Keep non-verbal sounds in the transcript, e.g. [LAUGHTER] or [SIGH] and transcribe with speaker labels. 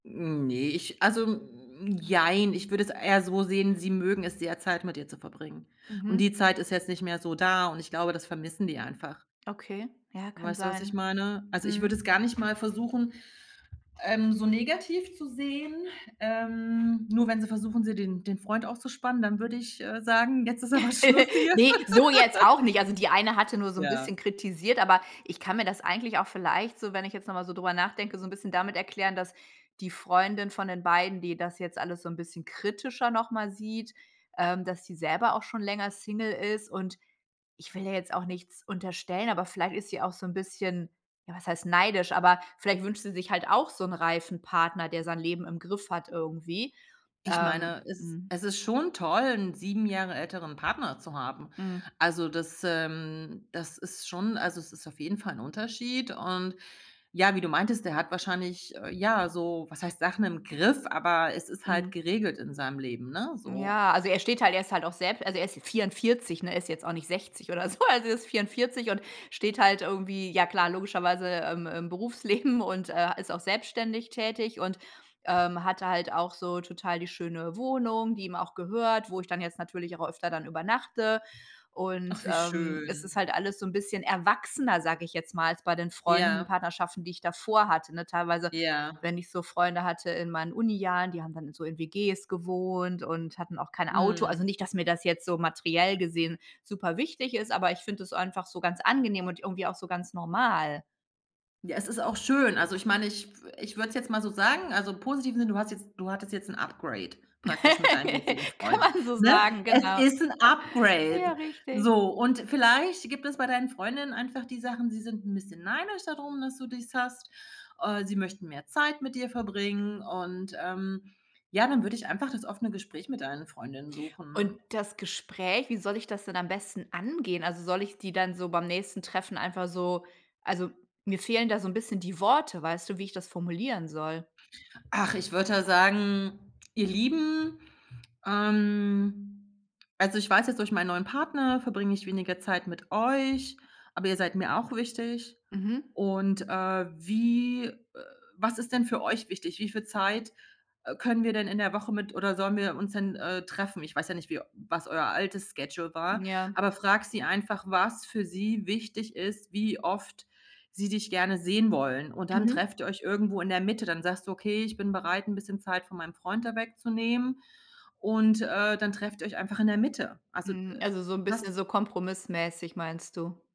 Speaker 1: Hm, ne, ich also, m jein. Ich würde es eher so sehen, sie mögen es sehr, Zeit mit dir zu verbringen. Und
Speaker 2: Mhm.
Speaker 1: die Zeit ist jetzt nicht mehr so da und ich glaube, das vermissen die einfach.
Speaker 2: Okay, ja, kann
Speaker 1: Weißt du, was
Speaker 2: sein.
Speaker 1: ich meine? Also, ich
Speaker 2: Mhm.
Speaker 1: würde es gar nicht mal versuchen, ähm, so negativ zu sehen, ähm, nur wenn sie versuchen, sie den den Freund auszuspannen, dann würde ich, äh, sagen: „Jetzt ist aber Schluss
Speaker 2: [LAUGHS]
Speaker 1: hier.“
Speaker 2: Ne, so jetzt
Speaker 1: [LAUGHS]
Speaker 2: auch nicht. Also, die eine hatte nur so 'n
Speaker 1: Ja.
Speaker 2: bisschen kritisiert, aber ich kann mir das eigentlich auch vielleicht so, wenn ich jetzt noch mal so drüber nachdenke, so 'n bisschen damit erklären, dass die Freundin von den beiden, die das jetzt alles so 'n bisschen kritischer nochmal sieht, ähm, dass sie selber auch schon länger Single ist und ich will ihr jetzt auch nichts unterstellen, aber vielleicht ist sie auch so 'n bisschen ja, was heißt neidisch, aber vielleicht wünscht sie sich halt auch so 'n reifen Partner, der sein Leben im Griff hat irgendwie.
Speaker 1: Ich
Speaker 2: Ähm
Speaker 1: meine, es ist
Speaker 2: mhm.
Speaker 1: es ist schon toll, 'n 7 Jahre älteren Partner zu haben.
Speaker 2: Mhm.
Speaker 1: Also, das, ähm das ist schon also, es ist auf jeden Fall 'n Unterschied und ja, wie du meintest, der hat wahrscheinlich, äh, ja, so was heißt Sachen im Griff, aber es ist halt
Speaker 2: Mhm.
Speaker 1: geregelt in seinem Leben, ne, so.
Speaker 2: Ja, also, er steht halt er ist halt auch selbst also, er ist 44, ne, ist jetzt auch nicht 60 oder so. Also, er ist 44 und steht halt irgendwie, ja klar, logischerweise, ähm, im Berufsleben und, äh, ist auch selbstständig tätig und, ähm, hatte halt auch so total die schöne Wohnung, die ihm auch gehört, wo ich dann jetzt natürlich auch öfter dann übernachte. Und,
Speaker 1: Ach, wie
Speaker 2: ähm, es ist
Speaker 1: schön.
Speaker 2: halt alles so 'n bisschen erwachsener, sage ich jetzt mal, als bei den Freunden
Speaker 1: Ja.
Speaker 2: Partnerschaften, die ich davor hatte, ne? Teilweise,
Speaker 1: Ja.
Speaker 2: wenn ich so Freunde hatte in meinen Unijahren, die haben dann so in WGs gewohnt und hatten auch kein Auto
Speaker 1: Mhm.
Speaker 2: also, nicht, dass mir das jetzt so materiell gesehen super wichtig ist, aber ich finde das einfach so ganz angenehm und irgendwie auch so ganz normal.
Speaker 1: Ja, es ist auch schön, also, ich meine, ich w ich würde es jetzt mal so sagen, also, im positiven Sinne: „Du hast jetzt du hattest jetzt 'n Upgrade praktisch mit deinem jetzigen
Speaker 2: [LAUGHS] Kann
Speaker 1: Freund“,
Speaker 2: man so
Speaker 1: ne?
Speaker 2: sagen,
Speaker 1: Es
Speaker 2: genau.
Speaker 1: ist 'n
Speaker 2: Äh, ja,
Speaker 1: Upgrade!
Speaker 2: richtig.
Speaker 1: So, und vielleicht gibt es bei deinen Freundinnen einfach die Sachen, sie sind 'n bisschen neidisch da drum, dass du dies hast, äh, sie möchten mehr Zeit mit dir verbringen und, ähm, ja, dann würde ich einfach das offene Gespräch mit deinen Freundinnen
Speaker 2: Und
Speaker 1: suchen.
Speaker 2: das Gespräch, wie soll ich das denn am besten angehen? Also, soll ich die dann so beim nächsten Treffen einfach so also, mir fehlen da so 'n bisschen die Worte, weißt du, wie ich das formulieren soll.
Speaker 1: Ach, ich würde da sagen: „Ihr Lieben, ähm also, ich weiß jetzt, durch meinen neuen Partner verbringe ich weniger Zeit mit euch, aber ihr seid mir auch wichtig
Speaker 2: Mhm.
Speaker 1: und, äh, wie, äh was ist denn für euch wichtig? Wie viel Zeit, äh, können wir denn in der Woche mit oder sollen wir uns denn, äh, treffen?“ Ich weiß ja nicht, wie was euer altes Schedule war,
Speaker 2: Ja.
Speaker 1: aber frag sie einfach, was für sie wichtig ist, wie oft sie dich gerne sehen wollen. Und dann
Speaker 2: Mhm.
Speaker 1: trefft ihr euch irgendwo in der Mitte. Dann sagst du: „Okay, ich bin bereit, 'n bisschen Zeit von meinem Freund da wegzunehmen“, und, äh, dann trefft ihr euch einfach in der Mitte. Also, äh,
Speaker 2: Hm. Also, so 'n bisschen
Speaker 1: was
Speaker 2: so kompromissmäßig, meinst du?